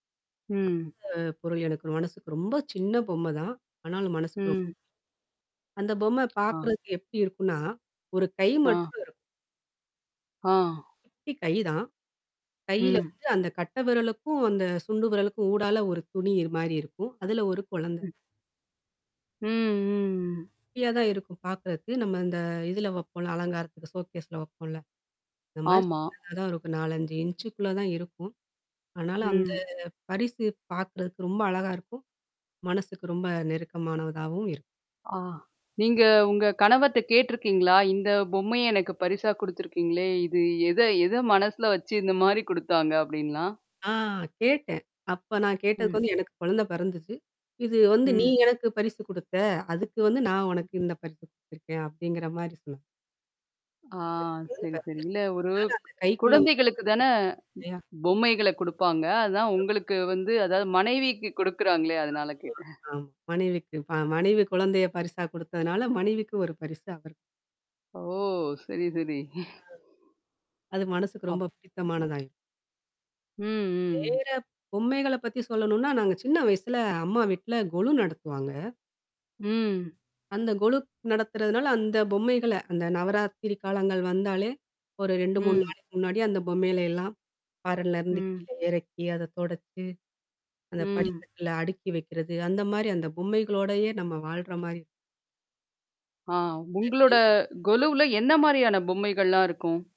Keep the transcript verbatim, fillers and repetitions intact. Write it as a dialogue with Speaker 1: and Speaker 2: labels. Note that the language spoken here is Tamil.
Speaker 1: ம்.
Speaker 2: அ பொருள் எனக்கு ர மனசுக்கு ரொம்ப சின்ன பொம்மதான் ஆனாலும் மனசுக்கு ரொம்ப.
Speaker 1: ம்.
Speaker 2: அந்த பொம்ம
Speaker 1: அ.
Speaker 2: பாக்குறதுக்கு எப்டி இருக்குன்னா ஒரு கை
Speaker 1: அ.
Speaker 2: மட்டும் இருக்கும்.
Speaker 1: ஆ.
Speaker 2: குட்டி கை தான். கையில
Speaker 1: ம்.
Speaker 2: வந்து அந்த கட்டவிரலுக்கும், அந்த சுண்டு விரலுக்கும் ஊடால ஒரு துணியிரு மாரி இருக்கும் அதுல ஒரு குழந்த.
Speaker 1: ம். ம், ம், ம்.
Speaker 2: குட்டியா தான் இருக்கும் பாக்குறதுக்கு, நம்ம இந்த இதுல வைப்போம்ல அலங்காரத்துக்கு, ஷோக்கேஸ்ல வப்போல. அந்த மாரி
Speaker 1: ஆமா.
Speaker 2: சின்னதா தான் இருக்கும் நாலஞ்சு இன்ஞ்சுக்குள்ள தான் இருக்கும். அனால அந்த
Speaker 1: ம்.
Speaker 2: பரிசு பார்க்கறதுக்கு ரொம்ப அழகா இருக்கும். மனசுக்கு ரொம்ப நெருக்கமானதாவும் இருக்கும்.
Speaker 1: ஆ. நீங்க உங்க கணவர்ட்ட கேட்டிருக்கீங்களா? இந்த பொம்மைய எனக்கு பரிசா குடுத்திருக்கிங்களே, இது எத எத மனசுல வச்சு இந்த மாரி கொடுத்தாங்க அப்டின்லாம்?
Speaker 2: ஆ கேட்டேன். அப்ப நான் கேட்டதுக்கு
Speaker 1: ம்.
Speaker 2: வந்து எனக்கு குழந்த பிறந்துச்சு. "இது வந்து நீ
Speaker 1: ம்.
Speaker 2: எனக்கு பரிசு குடுத்த. அதுக்கு வந்து நான் உனக்கு இந்த பரிசு குடுத்துருக்கேன்." அப்டிங்கற மாரி சொன்னா.
Speaker 1: ஆ.
Speaker 2: குழந்த
Speaker 1: சரி, சரி. இல்ல
Speaker 2: பிறந்துருக்கு.
Speaker 1: ஒரு
Speaker 2: அதனால அந்த கைக்குள்ள.
Speaker 1: குழந்தைகளுக்கு தான
Speaker 2: [unintelligible] இல்லையா?
Speaker 1: பொம்மைகள குப்பாங்க. அதான்
Speaker 2: [unintelligible]
Speaker 1: உங்களுக்கு வந்து அதாவது மனைவிக்கு குடுக்குறாங்களே அதனால
Speaker 2: ஆமா.
Speaker 1: கேட்டேன்.
Speaker 2: அம். மனைவிக்கு ப மனைவி குழந்தைய பரிசா கொடுத்தனால மனைவிக்கு ஒரு பரிசு அவரு.
Speaker 1: ஓ! சரி, சரி.
Speaker 2: அ. அது மனசுக்கு
Speaker 1: அப்
Speaker 2: ரொம்ப பிடித்தமானதாயிறும்.
Speaker 1: ம், ம்.
Speaker 2: வேற பொம்மைகள பத்தி சொல்லணுனா, நாங்க சின்ன வயசுல அம்மா வீட்ல கொலு நடத்துவாங்க.
Speaker 1: ம்.
Speaker 2: அந்த கொலுக் நடத்துறனால, அந்த பொம்மைகள அந்த நவராத்திரி காலங்கள் வந்தாலே ஒரு ரெண்டு மூணு
Speaker 1: ம்.
Speaker 2: நாளைக்கு முன்னாடி அந்த பொம்மேலலாம் பரன்லருந்து
Speaker 1: ம்.
Speaker 2: கீழ எறக்கி, அத தொடச்சு, அந்த
Speaker 1: ம்.
Speaker 2: படிக்கட்ல அடுக்கி வைக்குறது. அந்த மாரி அந்த பொம்மைகளோடையே நம்ம வாழ்ற மாரி.
Speaker 1: ஆ, உங்களோட கொலுவுல என்ன மாரியான
Speaker 2: [unintelligible]
Speaker 1: பொம்மைகள்லா இருக்கும்?